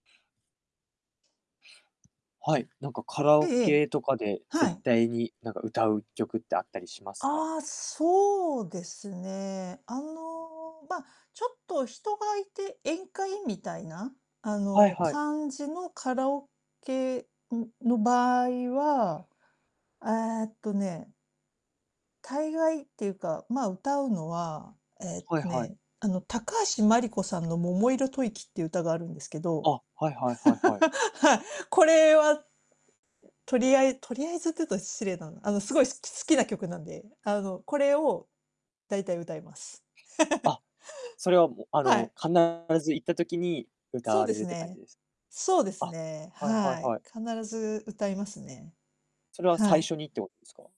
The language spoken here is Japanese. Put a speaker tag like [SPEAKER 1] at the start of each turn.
[SPEAKER 1] はい、なんかカラ
[SPEAKER 2] ええ
[SPEAKER 1] オ
[SPEAKER 2] ええ、
[SPEAKER 1] ケとかで、
[SPEAKER 2] は
[SPEAKER 1] 絶
[SPEAKER 2] い。
[SPEAKER 1] 対になんか、歌う曲ってあったりしますか？
[SPEAKER 2] ああ、そうですね。あの、まあ、ちょっと人がいて宴会みたいな、あ
[SPEAKER 1] はい
[SPEAKER 2] の、
[SPEAKER 1] はい。
[SPEAKER 2] 感じのカラオケ、ん、の場合は、えっとね大概っていうか、まあ、歌うのは、えっ
[SPEAKER 1] はい
[SPEAKER 2] と
[SPEAKER 1] はい。
[SPEAKER 2] ね、あの、高橋真梨子さんの桃色吐息っていう歌があるんですけど。
[SPEAKER 1] あ、はいはいは いはい。
[SPEAKER 2] はい。これは、とりあえとりあえずって言うと失礼だな。あの、すごい好きす好きな曲なんで、あの、これを、大体歌います。
[SPEAKER 1] あ、それは、あ
[SPEAKER 2] は
[SPEAKER 1] の、
[SPEAKER 2] い。
[SPEAKER 1] 必ず行った時に歌
[SPEAKER 2] そう
[SPEAKER 1] わ
[SPEAKER 2] で
[SPEAKER 1] れる
[SPEAKER 2] す
[SPEAKER 1] って感じ
[SPEAKER 2] ね。
[SPEAKER 1] です
[SPEAKER 2] そうです
[SPEAKER 1] か？
[SPEAKER 2] ね、
[SPEAKER 1] あ、はいはい
[SPEAKER 2] はい。
[SPEAKER 1] はい。
[SPEAKER 2] 必ず歌いますね。
[SPEAKER 1] それは
[SPEAKER 2] は
[SPEAKER 1] 最
[SPEAKER 2] い。
[SPEAKER 1] 初にってことですか？